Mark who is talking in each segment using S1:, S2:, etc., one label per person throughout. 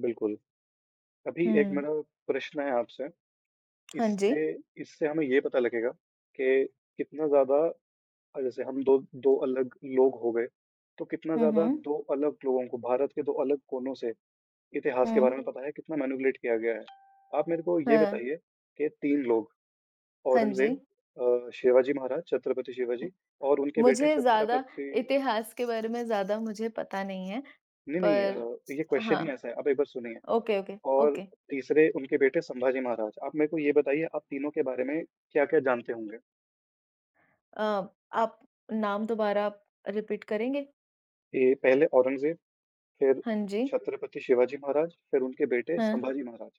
S1: बिल्कुल, अभी 1
S2: हुँ।
S1: मेरा प्रश्न है आपसे।
S2: हाँ जी।
S1: इससे इससे हमें ये पता लगेगा कि कितना ज़्यादा अ, जैसे हम 2- 2 अलग लोग हो गए तो कितना
S2: हुँ,
S1: ज़्यादा
S2: हुँ।
S1: 2 अलग लोगों को भारत के 2 अलग कोनों से, इतिहास के
S2: हुँ।
S1: बारे में पता है, कितना मैनिपुलटे किया गया है। आप मेरे को ये
S2: हाँ।
S1: बताइए कि 3 लोग
S2: हाँ जी।
S1: औरंगज़ेब, अ, शिवाजी महाराज, छत्रपति शिवाजी और उनके बेटे
S2: मुझे ज़्यादा
S1: छत्रपति
S2: इतिहास के बारे में ज़्यादा मुझे पता नहीं हैं।
S1: नहीं, नहीं, अ,
S2: पर
S1: देखिए ये क्वेशन ही
S2: हाँ,
S1: ऐसा है, आप एक बार सुनिए
S2: ओके, ओके,
S1: और
S2: ओके।
S1: तीसरे उनके बेटे संभाजी महाराज। आप मेरे को ये बताइए आप तीनों के बारे में क्या-क्या जानते होंगे?
S2: अ, आप नाम दोबारा रीपीट करेंगे?
S1: ये पहले औरंगज़ेब फिर
S2: हाँ जी।
S1: छत्रपति शिवाजी महाराज, फिर उनके बेटे
S2: हाँ।
S1: संभाजी महाराज।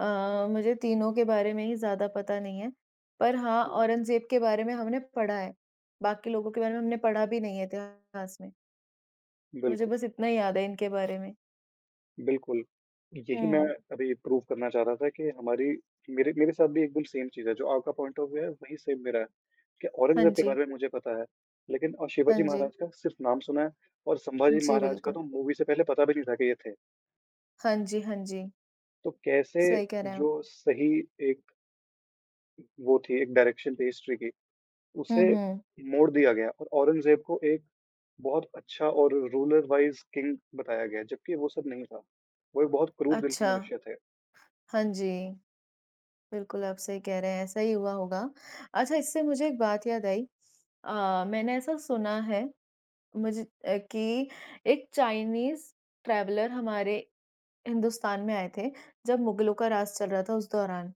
S2: अ, मुझे तीनों के बारे में ही ज़्यादा पता नहीं है, पर हाँ,
S1: हुँ।
S2: औरंगज़ेब के बारे में हमने पढ़ा है, बाकी लोगों के बारे में हमने पढ़ा भी नहीं है इतिहास में। मुझे
S1: बिल्कुल।
S2: बस इतना ही याद है इनके बारे में।
S1: बिल्कुल। यही मैं
S2: हुँ।
S1: अभी प्रूव करना चाह रहा था कि हमारे मेरे मेरे साथ भी एकदम सेम चीज़ है। जो आपका पॉइंट ऑफ व्यू है, वही सेम मेरा है कि
S2: हाँ
S1: औरंगज़ेब के
S2: जी।
S1: बारे में मुझे पता है लेकिन अ,
S2: हाँ
S1: शिवाजी
S2: जी।
S1: महाराज का सिर्फ़ नाम सुना है और संभाजी
S2: जी,
S1: महाराज का
S2: बिल्कुल।
S1: तो मूवी से पहले पता भी नहीं था, कि ये थे।
S2: हाँ जी, हाँ जी।
S1: तो कैसे
S2: सही कह रहे हैं आप।
S1: जो सही एक वो थी एक डाएरेक्शन थी हिस्ट्री की,
S2: हुँ,
S1: उसे
S2: हुँ।
S1: मोड़ दिया गया और औरंगज़ेब को एक बहुत अच्छा और रूलर वाइज़ किंग बताया गया, जबकि वो सब नहीं था। वो एक बहुत क्रूर दिल के
S2: अच्छा,
S1: मनुष्य थे।
S2: हाँ जी, बिल्कुल आप सही कह रहे हैं ऐसा ही हुआ होगा। अच्छा इससे मुझे एक बात याद आई। अ, मैंने ऐसा सुना हैं मुझे अ, कि एक चाइनीज़ ट्रैवलर हमारे हिंदुस्तान में आए थे, जब मुगलों का राज़ चल रहा था उस दौरान।